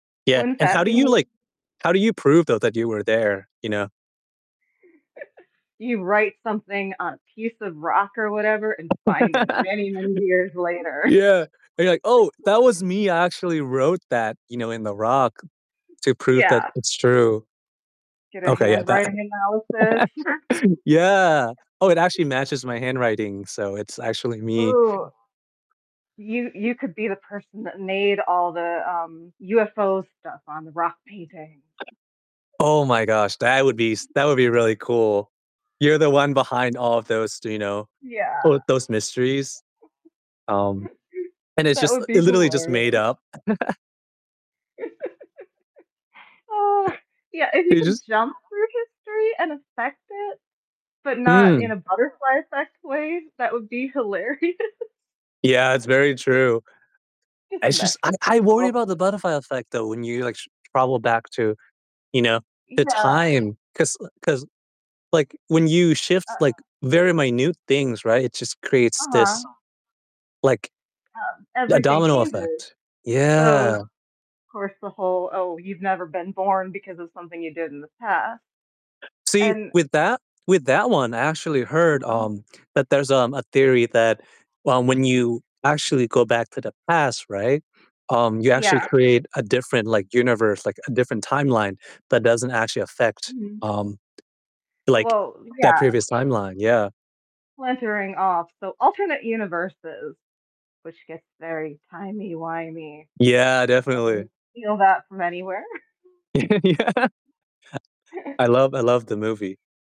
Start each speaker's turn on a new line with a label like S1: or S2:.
S1: Yeah,
S2: Wouldn't
S1: and how
S2: that
S1: do
S2: be
S1: you, like
S2: [unintelligible]
S1: how do you prove, though, that you were there, you know?
S2: You write something on a piece of rock or whatever and find it many, many years later.
S1: Yeah, and you're like, "Oh, that was me; I actually wrote that," you know, "in the rock to prove that
S2: Yeah.
S1: it's true."
S2: Get a
S1: Okay, yeah, that
S2: handwriting analysis.
S1: Yeah, oh, it actually matches my handwriting, so it's actually me.
S2: Ooh. You you could be the person that made all the, um, UFO stuff on the rock paintings.
S1: Oh my gosh. That would be s that
S2: Yeah.
S1: would be really cool. You're the one behind all of those d you know,
S2: Yeah.
S1: all those mysteries. Um, and it's
S2: That
S1: just
S2: would
S1: e
S2: be
S1: literally just
S2: hilarious.
S1: made up.
S2: Oh, yeah, if you
S1: You
S2: could
S1: just
S2: jump through history and affect it, but not in
S1: Mm.
S2: a butterfly-effect way, that would be hilarious.
S1: Yeah, it's very true.
S2: Just
S1: I just
S2: mess
S1: I
S2: with
S1: I worry
S2: people.
S1: about the butterfly effect though when you, like, s travel back to, you know, the
S2: Yeah.
S1: time. 'Cause l 'cause, like, when you shift, like,
S2: Uh.
S1: very minute things, right, it just creates this,
S2: Uh-huh.
S1: like
S2: Um,
S1: a
S2: everything
S1: domino
S2: changes.
S1: effect.
S2: So,
S1: Yeah.
S2: of course, the whole, "Oh, you've never been born because of something you did in the past,"
S1: See,
S2: and
S1: with that with that one, I actually heard,
S2: Uh-huh.
S1: um, that there's, um, a theory that, um, when you actually go back to the past, right, um, you actually
S2: Yeah.
S1: create a different, like, universe, like, a different timeline that doesn't actually affect,
S2: Mhm.
S1: um, like,
S2: Well,
S1: that
S2: yeah.
S1: previous timeline, yeah.
S2: Splintering off; so, alternate universes, which gets very timey-wimey.
S1: Yeah,
S2: I
S1: definitely.
S2: didn't steal that from anywhere.
S1: Yeah. I love I love the movie.